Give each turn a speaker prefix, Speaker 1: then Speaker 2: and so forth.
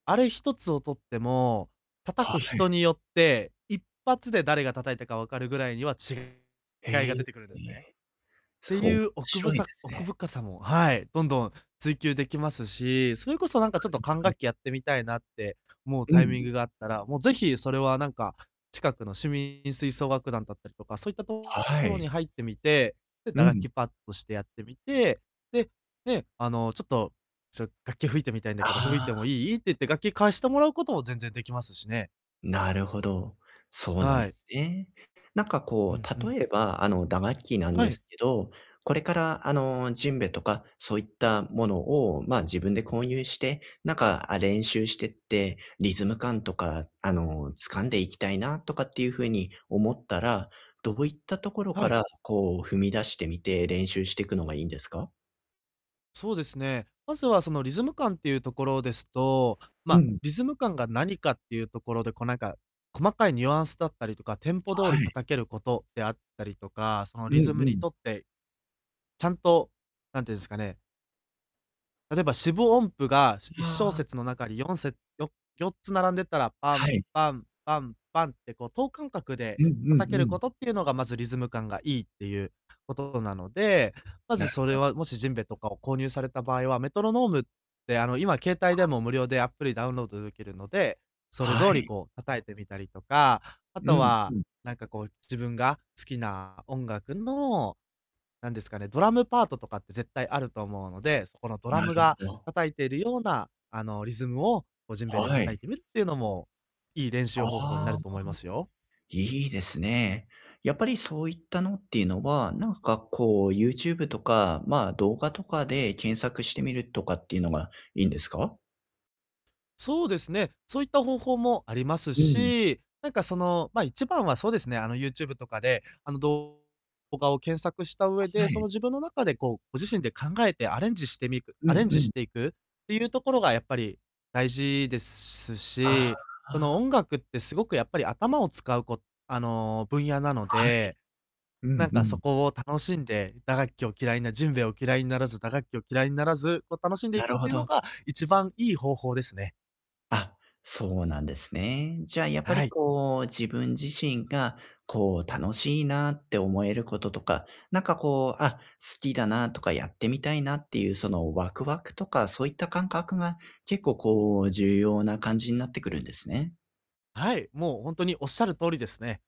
Speaker 1: あれひとつをとっても、
Speaker 2: は
Speaker 1: 叩く
Speaker 2: は
Speaker 1: 人
Speaker 2: い。
Speaker 1: によって、一発で誰が叩いたかわかるぐらいには違い
Speaker 2: へえ。
Speaker 1: が出てくるんですね。って
Speaker 2: そう
Speaker 1: いう、おく
Speaker 2: し
Speaker 1: ぶ
Speaker 2: ろいで
Speaker 1: さ
Speaker 2: すね。
Speaker 1: 奥深さも、はい。どんどん追求できますし、それこそなん
Speaker 2: な
Speaker 1: かちょっと
Speaker 2: るほ
Speaker 1: 管
Speaker 2: ど。
Speaker 1: 楽器やってみたいな、って思う
Speaker 2: うん、
Speaker 1: タイミン
Speaker 2: ん。
Speaker 1: グがあったら、もう、ぜひ、それは、なんか、近くの市民吹奏楽団だったりとか、そういったと
Speaker 2: は
Speaker 1: ころ
Speaker 2: い。
Speaker 1: に入ってみて、で、
Speaker 2: う
Speaker 1: 打楽
Speaker 2: ん。
Speaker 1: 器、パッとしてやってみて、で、ね。あの、ちょっと、「ちょ、楽器を吹いてみたいんだけど、吹い
Speaker 2: あ
Speaker 1: ても
Speaker 2: あ。
Speaker 1: いい」って言って、楽器貸してもらうことも全然できますしね。
Speaker 2: なるほど。そうなん
Speaker 1: は
Speaker 2: で
Speaker 1: い。
Speaker 2: すね。なんか、
Speaker 1: う
Speaker 2: こ
Speaker 1: んう
Speaker 2: う、
Speaker 1: ん。
Speaker 2: 例えば、あの、打楽器なん
Speaker 1: は
Speaker 2: で
Speaker 1: い。
Speaker 2: すけど、これから、あの、ジェンベとか、そういったものを、まあ、自分で購入して、なんか、あ、練習してって、リズム感とか、あの、掴んでいきたいなとかっていう風に思ったら、どういったところか
Speaker 1: はい。
Speaker 2: ら、こう、踏み出してみて、練習してくのがいいんですか？
Speaker 1: そうですね。まずは、その、リズム感っていうところですと、ま
Speaker 2: う
Speaker 1: あ、
Speaker 2: ん。
Speaker 1: リズム感が何かっていうところで、こう、なんか、細かいニュアンスだったりとか、テンポ通
Speaker 2: は
Speaker 1: り
Speaker 2: い。
Speaker 1: 叩けることであったりとか、その、
Speaker 2: うん
Speaker 1: リズム
Speaker 2: う
Speaker 1: に
Speaker 2: ん。
Speaker 1: とって、ちゃんと、何て言うんですかね。例えば、四分音符が、しいっしょう
Speaker 2: ああ。
Speaker 1: せつの中に4せつよ4つ並んでたら、パ
Speaker 2: は
Speaker 1: ン、
Speaker 2: い。
Speaker 1: パン、パン、パンって、こう、等間隔
Speaker 2: う
Speaker 1: で
Speaker 2: んう
Speaker 1: 叩け
Speaker 2: んう
Speaker 1: るこ
Speaker 2: ん。
Speaker 1: とっていうのが、まず、リズム感がいいっていうことなので、ま
Speaker 2: な
Speaker 1: ず、
Speaker 2: る
Speaker 1: それ
Speaker 2: ほど。
Speaker 1: は、もし、ジェンベとかを購入された場合は、メトロノームって、あの、今携
Speaker 2: あ
Speaker 1: 帯で
Speaker 2: あ。
Speaker 1: も無料でアプリダウンロードできるので、それ
Speaker 2: は
Speaker 1: 通り、
Speaker 2: い。
Speaker 1: こう、叩いてみたりとか。あ
Speaker 2: う
Speaker 1: と
Speaker 2: ん、う
Speaker 1: は、
Speaker 2: ん。
Speaker 1: なんか、こう、自分が好きな音楽の、何ですかね。ドラムパートとかって絶対あると思うので、そこのドラ
Speaker 2: な
Speaker 1: ム
Speaker 2: る
Speaker 1: が
Speaker 2: ほど。
Speaker 1: 叩いてるような、あの、リズムを、こう、ジェンベで
Speaker 2: は
Speaker 1: 叩い
Speaker 2: い。
Speaker 1: てみるっていうのも、いい練習方法にな
Speaker 2: あ
Speaker 1: る
Speaker 2: あ。
Speaker 1: と思いますよ。
Speaker 2: いいですね。やっぱり、そういったのっていうのは、なんか、こう、YouTube とか、まあ、動画とかで検索してみるとかっていうのがいいんですか？
Speaker 1: そうですね。そういった方法もあります
Speaker 2: うん。
Speaker 1: し、なんか、その、ま、一番はそうですね、あの、YouTube とかで、あの、動画を検索した上
Speaker 2: は
Speaker 1: で、そ
Speaker 2: い。
Speaker 1: の、自分の中で、こう、ご自身で考えてアレンジしてみく
Speaker 2: うん
Speaker 1: アレンジ
Speaker 2: う
Speaker 1: し
Speaker 2: ん。
Speaker 1: ていくっていうところがやっぱり大事です
Speaker 2: ああ
Speaker 1: し、その、
Speaker 2: ああ。
Speaker 1: 音楽ってすごくやっぱり頭を使うこあの、分野なの
Speaker 2: はい。
Speaker 1: で、
Speaker 2: う
Speaker 1: な
Speaker 2: ん
Speaker 1: ん
Speaker 2: う
Speaker 1: か、そ
Speaker 2: ん。
Speaker 1: こを楽しんで、打楽器を嫌いなジェンベを嫌いにならず、打楽器を嫌いにならず、こう、楽しんでい
Speaker 2: な
Speaker 1: くっ
Speaker 2: るほ
Speaker 1: ていうの
Speaker 2: ど。
Speaker 1: が一番いい方法ですね。
Speaker 2: あ、そうなんですね。じゃあ、やっぱ
Speaker 1: は
Speaker 2: り、
Speaker 1: い。
Speaker 2: こう、自分自身が、こう、楽しいなって思えることとか、何か、こう、あ、好きだなとかやってみたいなっていう、その、ワクワクとか、そういった感覚が、結構、こう、重要な感じになってくるんですね。
Speaker 1: はい。もう、ほんとにおっしゃる通りですね。